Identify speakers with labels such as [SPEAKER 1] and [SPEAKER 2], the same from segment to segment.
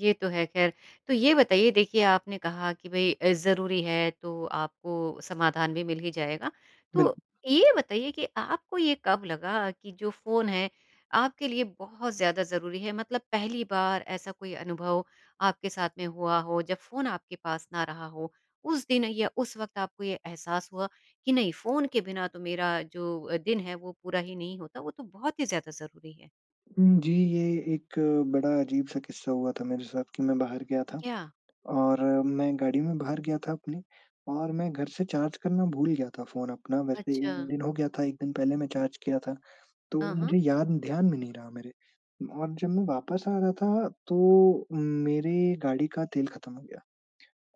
[SPEAKER 1] ये तो है ख़ैर। तो ये बताइए देखिए आपने कहा कि भई अ, ज़रूरी है तो आपको समाधान भी मिल ही जाएगा।
[SPEAKER 2] बिल्कुल।
[SPEAKER 1] तो, ये बताइए कि आपको ये कब लगा कि जो फ़ोन है, आपके लिए बहुत ज़्यादा ज़रूरी है? मतलब पहली बार ऐसा कोई अनुभव आपके साथ में हुआ हो, जब फ़ोन आपके पास ना रहा हो, उस दिन या उस वक़्त आपको ये एहसास हुआ, कि नहीं, फ़ोन के बिना तो मेरा जो दिन है, वो पूरा ही नहीं होता, वो तो बहुत ही ज़्यादा ज़रूरी है।
[SPEAKER 2] उम, जी ये एक बड़ा अजीब-सा किस्सा हुआ था मेरे साथ कि मैं बाहर गया था,
[SPEAKER 1] क्या?
[SPEAKER 2] और मैं गाड़ी में बाहर गया था अपनी, और मैं घर से चार्ज करना भूल गया था फ़ोन अपना, वैसे 1
[SPEAKER 1] अच्छा।
[SPEAKER 2] दिन हो गया था 1 दिन पहले मैं चार्ज किया था, तो
[SPEAKER 1] हाँ, हाँ।
[SPEAKER 2] मुझे याद ध्यान में नहीं रहा मेरे। और जब मैं वापस आ रहा था, तो उम, मेरे गाड़ी का तेल खत्म हो गया,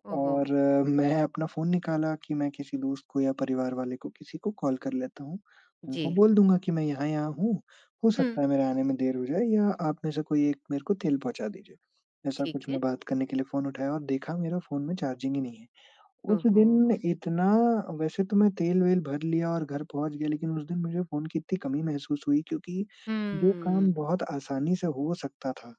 [SPEAKER 1] ओह हो!
[SPEAKER 2] और मैं अपना फ़ोन निकाला कि मैं किसी दोस्त को या परिवार वाले को किसी को कॉल कर लेता हूँ, उनको
[SPEAKER 1] जी।
[SPEAKER 2] बोल दूँगा कि मैं यहाँ-यहाँ हूँ, हो
[SPEAKER 1] हुँ।
[SPEAKER 2] सकता है मेरे आने में देर हो जाए या आप में से कोई एक मेरे को तेल पहुँचा दीजिए। ऐसा
[SPEAKER 1] ठीक
[SPEAKER 2] कुछ
[SPEAKER 1] है।
[SPEAKER 2] मैं बात करने के लिए फ़ोन उठाया और देखा मेरा फ़ोन में चार्जिंग ही नहीं है।
[SPEAKER 1] ओह
[SPEAKER 2] उस दिन
[SPEAKER 1] हो!
[SPEAKER 2] इतना वैसे तो मैं तेल-वेल भर लिया और घर पहुँच गया लेकिन उस दिन मुझे फ़ोन की इतनी कमी महसूस हुई, क्योंकि जो काम
[SPEAKER 1] हम्म।
[SPEAKER 2] बहुत आसानी से हो सकता था,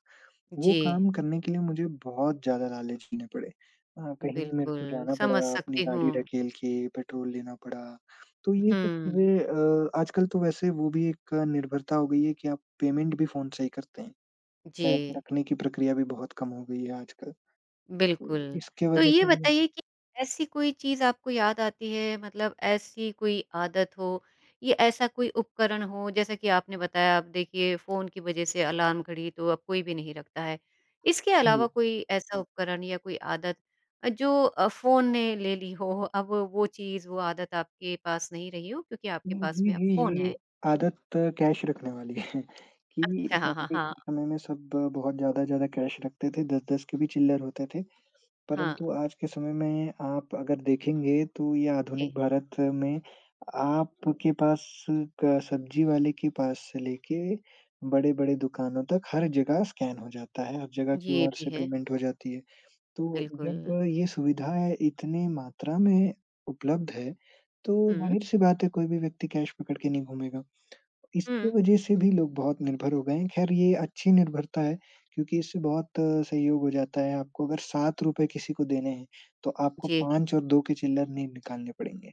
[SPEAKER 2] वो
[SPEAKER 1] जी।
[SPEAKER 2] काम करने के लिए मुझे बहुत ज़्यादा लाले झेलने पड़े। अ, कहीं मेरे को
[SPEAKER 1] बिल्कुल,
[SPEAKER 2] जाना
[SPEAKER 1] समझ
[SPEAKER 2] पड़ा, अपनी
[SPEAKER 1] सकती
[SPEAKER 2] गाड़ी
[SPEAKER 1] हूँ।
[SPEAKER 2] ढकेल के पेट्रोल लेना पड़ा, तो ये सब
[SPEAKER 1] हुँ।
[SPEAKER 2] चीज़ें अ, आजकल तो वैसे वो भी एक निर्भरता हो गयी है कि आप पेमेंट भी फ़ोन से ही करते हैं, कैश
[SPEAKER 1] जी।
[SPEAKER 2] रखने की प्रक्रिया भी बहुत कम हो गई है आजकल। तो
[SPEAKER 1] बिल्कुल।
[SPEAKER 2] इसके
[SPEAKER 1] तो
[SPEAKER 2] वजह
[SPEAKER 1] ये
[SPEAKER 2] से म
[SPEAKER 1] बताइए कि ऐसी कोई चीज़ आपको याद आती है, मतलब ऐसी कोई आदत हो या ऐसा कोई उपकरण हो, जैसा कि आपने बताया अब देखिए फ़ोन की वजह से अलार्म घड़ी तो अब कोई भी नहीं रखता है। इसके अलावा
[SPEAKER 2] हुँ।
[SPEAKER 1] कोई ऐसा उपकरण या कोई आदत अ, जो अ, फ़ोन ने ले ली हो, अब वो चीज़ वो आदत आपके पास नहीं रही हो, क्योंकि आपके
[SPEAKER 2] उम,
[SPEAKER 1] पास
[SPEAKER 2] जी,
[SPEAKER 1] में अब
[SPEAKER 2] जी,
[SPEAKER 1] फ़ोन
[SPEAKER 2] जी,
[SPEAKER 1] है?
[SPEAKER 2] आदत कैश रखने वाली है, कि
[SPEAKER 1] अच्छा, हाँ, हाँ,
[SPEAKER 2] पहले
[SPEAKER 1] हाँ।
[SPEAKER 2] के समय में सब बहुत ज़्यादा-ज़्यादा कैश रखते थे, 10-10 के भी चिल्लर होते थे।
[SPEAKER 1] हाँ।
[SPEAKER 2] परंतु आज के समय में आप अगर देखेंगे, तो ये आधुनिक
[SPEAKER 1] जी।
[SPEAKER 2] भारत में आपके पास क सब्ज़ी वाले के पास से लेके, बड़े-बड़े दुकानों तक हर जगह स्कैन हो जाता है, हर जगह
[SPEAKER 1] ये
[SPEAKER 2] क्यूआर
[SPEAKER 1] भी
[SPEAKER 2] से
[SPEAKER 1] है।
[SPEAKER 2] पेमेंट हो जाती है। तो जब
[SPEAKER 1] बिल्कुल।
[SPEAKER 2] ये सुविधा इतनी मात्रा में उपलब्ध है, तो
[SPEAKER 1] हुँ।
[SPEAKER 2] ज़ाहिर-सी बात है कोई भी व्यक्ति कैश पकड़ के नहीं घूमेगा। इसकी
[SPEAKER 1] हुँ।
[SPEAKER 2] वजह से भी लोग बहुत निर्भर हो गए हैं, ख़ैर ये अच्छी निर्भरता है क्योंकि इससे बहुत सहयोग हो जाता है, आपको अगर ₹7 किसी को देने हैं, तो आपको
[SPEAKER 1] जी।
[SPEAKER 2] 5 और 2 के चिल्लर नहीं निकालने पड़ेंगे।